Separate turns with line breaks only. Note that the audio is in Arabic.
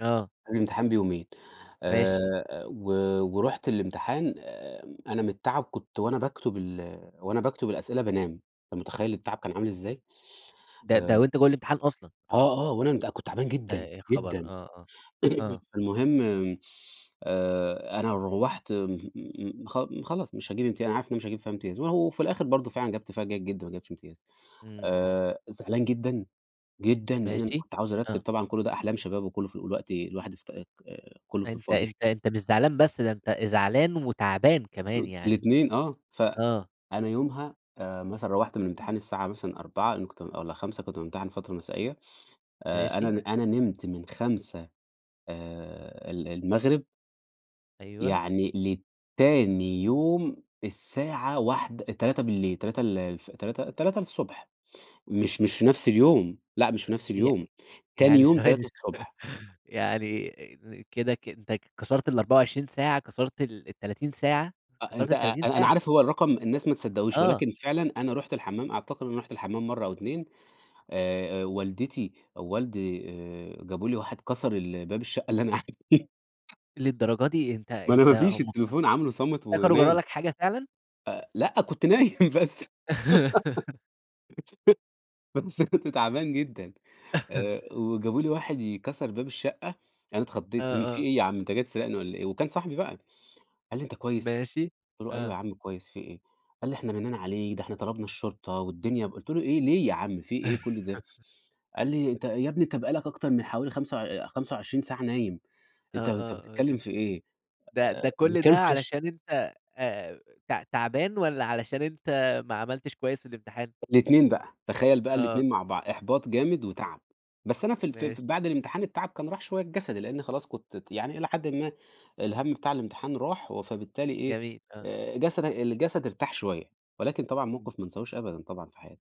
آه.
قبل الامتحان بيومين آآ،
ماشي.
أ و ورُحت الامتحان آمم، أنا من التعب كنت وأنا باكتُب ال وأنا باكتُب الأسئلة بانام، أنت متخيل التعب كان عامل إزاي؟
ده
آآ
ده وأنت جوّه الإمتحان أصلًا؟
آه، آه وأنا بقى كنت تعبان
أ
جدًا،
يا خبر! آه،
جدًا
آه، آه.
فالمهم آآ، أنا روّحت م خ خلاص مش هاجيب امتيا أنا عارف إن أنا مش هاجيب فيها امتياز، وأهو في الآخر برضه فعلًا جِبت فيها جيد جدًا، ما جِبتش امتياز،
إمم.
آآ، زعلان جدًا، جدًا لإن أنا
ماشي،
كنت عاوز أرتِّب
آه.
طبعًا كُلّ ده أحلام شباب وكلّه في ال الوقتي الواحد افت آآ، كلّه في
فأنت
الفاضي.
أنت أنت مش زعلان بس، ده أنت زعلان وتعبان كمان
[unintelligible]
يعني،
الاتنين آه، ف
آه.
أنا يومها آآ، مثلًا روّحت من الامتحان الساعة مثلًا 16:00 لإنّي كنت بام والَّا 17:00 كنت بامتحن فترة مسائية، آآ، أنا
ماشي.
د أنا نِمت من 17:00 آآ، ال المغرب
أيوه.
يعني لتاني يوم الساعة واحد 03:00 03:00 ال الف تلاتة 3:00، مش مش في نفس اليوم، لأ مش في نفس اليوم،
يعني
تاني
يعني
يوم
ثواني
تلاتة
ثوا
الصبح
يعني كده ك أنت كسرت ال24 ساعة، كسرت ال ال30 ساعة،
أ
كسرت
أنت أ
ال30
أنا أنا
ساعة؟
عارف هو الرقم الناس ما تصدقهوش
آه.
ولكن فعلًا أنا رُحت الحمّام أعتقد أنا رُحت الحمّام مرّه أو 2 آآ آآ، والدتي أ ووالدي آآ، جابوا لي واحد كَسَر ال باب الشقة اللي أنا قاعد فيها.
للدرجة دي! أنت
ما أنا
أنت
ما فيش
هم افتك
التليفون عاملُه صامت
افتكروا جَرَا
ونايم.
لك حاجة فعلًا؟
أ لأ كنت نايم بس [unintelligible] بس كنت تعبان جدًا، وجابوا لي واحد ي كَسَر باب الشقة، أنا
آه،
اتخضيت إن في
آه.
إيه يا عم أنت جاي تسرقني والَّا إيه، وكان صاحبي بقى، قال لي: "أنت كويس؟"
ماشي
قُلت له: "أيوه
آه.
يا عم كويس في إيه!" قال لي: "إحنا رنّينا عليك، ده احنا طلبنا الشرطة، والدنيا بق" قُلت له: "إيه ليه يا عم في إيه كُلّ ده؟" قال لي أنت يا ابني أنت بقى لك أكتر من حوالي خمسة وع 25 ساعة نايم
آه،
أنت أنت
آه، آه،
بتتكلّم
يعني
في إيه!
ده
أ
ده
ما
كل ده
كلتش
علشان أنت آآ، ت تعبان والَّا علشان أنت ما عملتش كويس في الإمتحان؟
الاتنين بقى تخيّل بقى
آه.
الاتنين مع بعض، إحباط جامد وتَعب، بس أنا في ال في ال في
ماشي.
بعد الامتحان التَعب كان راح شوية الجسدي، لأنّي خلاص كنت ت يعني إلى حدٍ ما الهمّ بتاع الامتحان راح، و فبالتالي إيه
جميل، آه.
آآ، جسدك الجسد ارتاح شوية، ولكن طبعًا
إمم.
موقف ما أنساهوش أبدًا، طبعًا في حياتي.